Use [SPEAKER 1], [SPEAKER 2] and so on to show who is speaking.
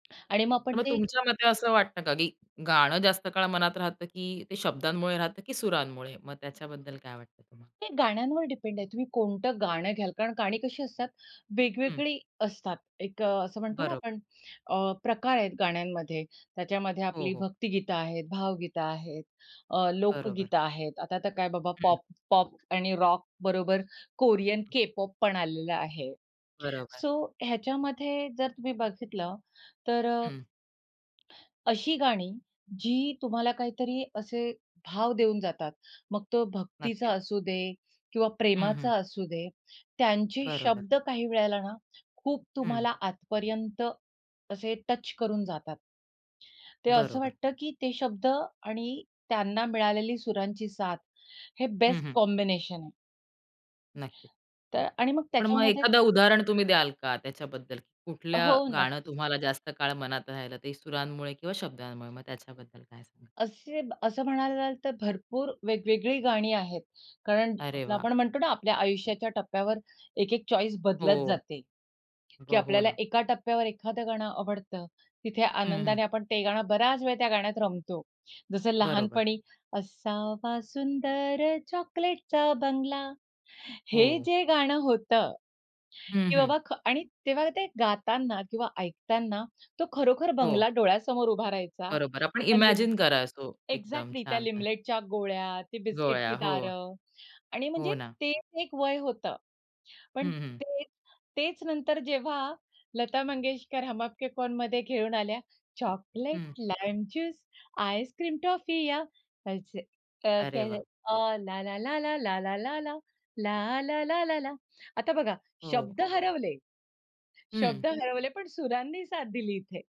[SPEAKER 1] आणि मग
[SPEAKER 2] तर
[SPEAKER 1] आपण
[SPEAKER 2] मग
[SPEAKER 1] ते
[SPEAKER 2] तुमच्या मते असं वाटतं का की गाणं जास्त काळ मनात राहतं की ते शब्दांमुळे राहतं की सुरांमुळे, मग त्याच्याबद्दल काय वाटतं तुम्हाला?
[SPEAKER 1] हे गाण्यांवर डिपेंड आहे, तुम्ही कोणतं गाणं घ्याल कारण गाणी कशी असतात
[SPEAKER 2] हं.
[SPEAKER 1] वेगवेगळी असतात. एक अ, असं म्हणतो ना
[SPEAKER 2] बरोबर.
[SPEAKER 1] आपण अ, प्रकार आहेत गाण्यांमध्ये त्याच्यामध्ये
[SPEAKER 2] हो,
[SPEAKER 1] आपली
[SPEAKER 2] हो.
[SPEAKER 1] भक्तिगीतं आहेत, भावगीतं आहेत, अ,
[SPEAKER 2] बरोबर.
[SPEAKER 1] लोकगीतं आहेत, आता तर काय बाबा
[SPEAKER 2] हं.
[SPEAKER 1] पॉप, पॉप आणि रॉकबरोबर कोरियन के-पॉप पण आलेलं आहे.
[SPEAKER 2] बरोबर.
[SPEAKER 1] सो ह्याच्यामध्ये जर तुम्ही बघितलं तर अ
[SPEAKER 2] हं.
[SPEAKER 1] अशी गाणी जी तुम्हाला काहीतरी असे भाव देऊन जातात. मग तो भक्तीचा
[SPEAKER 2] नक्कीच.
[SPEAKER 1] असू दे किंवा
[SPEAKER 2] हं, हं.
[SPEAKER 1] प्रेमाचा असू दे, त्यांचे
[SPEAKER 2] बरोबर.
[SPEAKER 1] शब्द काही वेळेला ना खूप
[SPEAKER 2] हं.
[SPEAKER 1] तुम्हाला आतपर्यंत असे टच करून जातात. ते असं
[SPEAKER 2] बरोबर.
[SPEAKER 1] वाटतं की ते शब्द आणि त्यांना मिळालेली सुरांची साथ हे
[SPEAKER 2] हं,
[SPEAKER 1] बेस्ट
[SPEAKER 2] हं.
[SPEAKER 1] कॉम्बिनेशन आहे.
[SPEAKER 2] नक्कीच.
[SPEAKER 1] तर आणि मग
[SPEAKER 2] पण मग
[SPEAKER 1] त्याच्यामध्ये
[SPEAKER 2] एखादं उदाहरण तुम्ही द्याल का त्याच्याबद्दल कुठलं
[SPEAKER 1] हो,
[SPEAKER 2] गाणं
[SPEAKER 1] नक्कीच.
[SPEAKER 2] तुम्हाला जास्त काळ मनात राहिलं ते सुरांमुळे किंवा शब्दांमुळे, मग त्याच्याबद्दल काय सांगाल?
[SPEAKER 1] असे असं म्हणायला जाल, तर भरपूर वेगवेगळी गाणी आहेत कारण
[SPEAKER 2] अरे वाह!
[SPEAKER 1] आपण म्हणतो ना आपल्या आयुष्याच्या टप्प्यावर एक-एक चॉईस बदलत
[SPEAKER 2] हो.
[SPEAKER 1] जाते की
[SPEAKER 2] हो, हो
[SPEAKER 1] आपल्याला
[SPEAKER 2] ना.
[SPEAKER 1] एका टप्प्यावर एखादं गाणं आवडतं, तिथे
[SPEAKER 2] हं, हं.
[SPEAKER 1] आनंदाने आपण ते गाणं बराच वेळ त्या गाण्यात रमतो. जसं
[SPEAKER 2] बरोबर.
[SPEAKER 1] लहानपणी असावा सुंदर चॉकलेटचा बंगला. हे
[SPEAKER 2] हो.
[SPEAKER 1] जे गाणं होतं
[SPEAKER 2] हं,
[SPEAKER 1] की
[SPEAKER 2] हं.
[SPEAKER 1] बाबा ख आणि तेव्हा ते गातांना किंवा ऐकतांना तो खरोखर
[SPEAKER 2] हो.
[SPEAKER 1] बंगला डोळ्यासमोर उभा राहायचा.
[SPEAKER 2] बरोबर. आपण
[SPEAKER 1] हल्ली
[SPEAKER 2] इमॅजिन करा सो, एकदम
[SPEAKER 1] एक्झॅक्टली त्या
[SPEAKER 2] छान, छान.
[SPEAKER 1] लिमलेटच्या गोळ्या, ती बिस्किटची
[SPEAKER 2] गोळ्या. हो.
[SPEAKER 1] दारं आणि
[SPEAKER 2] हो
[SPEAKER 1] म्हणजे
[SPEAKER 2] ना.
[SPEAKER 1] तेच एक वय होतं. पण
[SPEAKER 2] हं, हं.
[SPEAKER 1] तेच, तेच नंतर जेव्हा लता मंगेशकर हम आपके है कोण? मध्ये घेवून आल्या चॉकलेट,
[SPEAKER 2] हं.
[SPEAKER 1] लाईम ज्यूस, आइस्क्रीम, टॉफीया तसे अ,
[SPEAKER 2] अरे वाह!
[SPEAKER 1] [unintelligible] अ ला, ला, ला, ला, ला, ला, ला, ला, ला, ला, ला, ला, ला आता बघा
[SPEAKER 2] हो.
[SPEAKER 1] शब्द हरवले,
[SPEAKER 2] हं.
[SPEAKER 1] शब्द हरवले, पण सुरांनी साथ दिली